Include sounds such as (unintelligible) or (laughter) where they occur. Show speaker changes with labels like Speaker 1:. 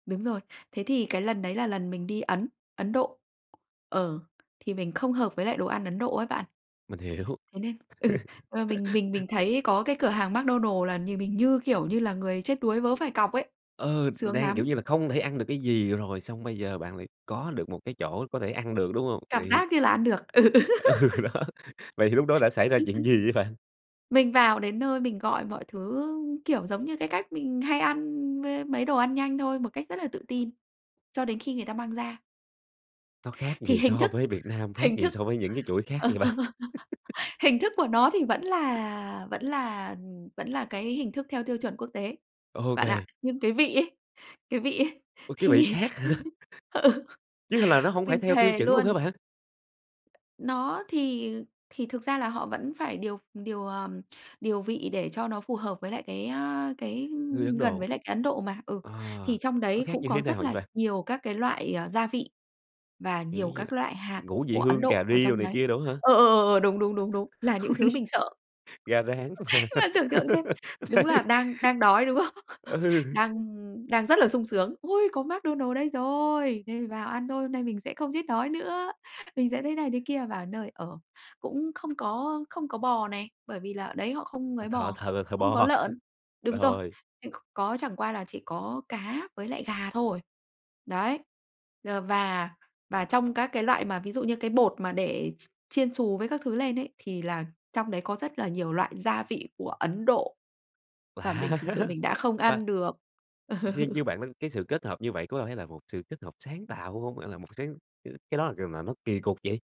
Speaker 1: Đúng rồi. Thế thì cái lần đấy là lần mình đi Ấn, Ấn Độ. Ờ. Thì mình không hợp với lại đồ ăn Ấn Độ ấy bạn.
Speaker 2: Mình hiểu.
Speaker 1: Thế nên, ừ, à,
Speaker 2: (laughs)
Speaker 1: mình mình mình thấy có cái cửa hàng McDonald's là nhìn mình, như kiểu, như là người chết đuối vớ phải cọc ấy.
Speaker 2: Ờ,
Speaker 1: Sướng
Speaker 2: đang,
Speaker 1: lắm!
Speaker 2: kiểu như là, không thể ăn được cái gì rồi, xong bây giờ bạn lại có được một cái chỗ có thể ăn được, đúng hông?
Speaker 1: Cảm
Speaker 2: Vậy thì
Speaker 1: giác như là ăn được. Ừ, ừ.
Speaker 2: Ừ, đó, Vậy thì lúc đó đã xảy ra chuyện gì vậy bạn?
Speaker 1: (laughs) (laughs) Mình vào đến nơi mình gọi mọi thứ, ưm, kiểu, giống như, cái cách mình hay ăn m mấy đồ ăn nhanh thôi, một cách rất là tự tin cho đến khi người ta mang ra.
Speaker 2: Nó khác
Speaker 1: Thì
Speaker 2: gì
Speaker 1: hình
Speaker 2: so
Speaker 1: thức
Speaker 2: với Việt Nam, khác
Speaker 1: hình
Speaker 2: gì
Speaker 1: thức
Speaker 2: so với những cái chuỗi khác vậy bạn?
Speaker 1: (chuckles)
Speaker 2: (laughs)
Speaker 1: hình thức của nó thì vẫn là vẫn là, ừm, vẫn là, cái hình thức theo tiêu chuẩn quốc tế bạn ạ.
Speaker 2: OK.
Speaker 1: Nhưng cái vị ấy cái vị ấy
Speaker 2: Ôi, cái vị
Speaker 1: thì,
Speaker 2: khác hả?
Speaker 1: ừ,
Speaker 2: Chứ h là nó hổng phải
Speaker 1: mình
Speaker 2: theo tiêu
Speaker 1: thề
Speaker 2: chuẩn luôn hả
Speaker 1: luôn
Speaker 2: bạn?
Speaker 1: Nó thì, ờ, thì thực ra là họ vẫn phải điều v điều, ờ, điều vị để cho nó phù hợp với lại cái, a, cái,
Speaker 2: Người Ấn
Speaker 1: ưm, gần
Speaker 2: Độ.
Speaker 1: với lại cái Ấn Độ mà. Ừ.
Speaker 2: À.
Speaker 1: Thì trong
Speaker 2: Nó
Speaker 1: đấy
Speaker 2: khác
Speaker 1: cũng
Speaker 2: như thế
Speaker 1: có
Speaker 2: nào
Speaker 1: rất
Speaker 2: vậy
Speaker 1: là
Speaker 2: bạn?
Speaker 1: nhiều các cái loại, à, gia vị và nhiều các
Speaker 2: (unintelligible)
Speaker 1: loại hạt
Speaker 2: Ngũ vị
Speaker 1: của Ấn
Speaker 2: hương,
Speaker 1: Độ
Speaker 2: cà
Speaker 1: ở
Speaker 2: ri đồ
Speaker 1: trong
Speaker 2: này
Speaker 1: đấy.
Speaker 2: kia đồ á hả?
Speaker 1: Ờ, ờ, ờ, ờ, đúng, đúng, đúng, đúng. Là những thứ
Speaker 2: (laughs)
Speaker 1: mình sợ.
Speaker 2: Gà rán mà.
Speaker 1: Bạn tưởng tượng xem.
Speaker 2: (laughs)
Speaker 1: Đúng là
Speaker 2: Đấy.
Speaker 1: đang đang đói, đúng không? (chuckles)
Speaker 2: Ừ.
Speaker 1: Đang, ưm, đang rất là sung sướng: "Ôi, có McDonald's đây rồi! Đây, vào ăn thôi, hôm nay mình sẽ không chết đói nữa", mình sẽ thế này thế kia. Vào đến nơi, ờ, cũng không có không có bò này, bởi vì là ở đấy họ không
Speaker 2: Họ
Speaker 1: ấy
Speaker 2: thờ
Speaker 1: bò,
Speaker 2: thờ là thờ
Speaker 1: không có
Speaker 2: bò.
Speaker 1: lợn.
Speaker 2: (chuckles)
Speaker 1: Đúng rồi,
Speaker 2: Rồi.
Speaker 1: (unintelligible) có chẳng qua là chỉ có cá với lại gà thôi. Đấy. D và và trong các cái loại mà ví dụ như cái bột mà để x chiên xù với các thứ lên ấy thì là trong đấy có rất là nhiều loại gia vị của Ấn Độ. Và
Speaker 2: Lạ.
Speaker 1: mình thực sự mình đã không
Speaker 2: Và
Speaker 1: ăn được.
Speaker 2: theo như
Speaker 1: (chuckles)
Speaker 2: bạn nói cái sự kết hợp như vậy có phải là một sự kết hợp sáng tạo (unintelligible) hông? Hay là cái một sáng ừm, cái đó là c nà nó kì cục vậy?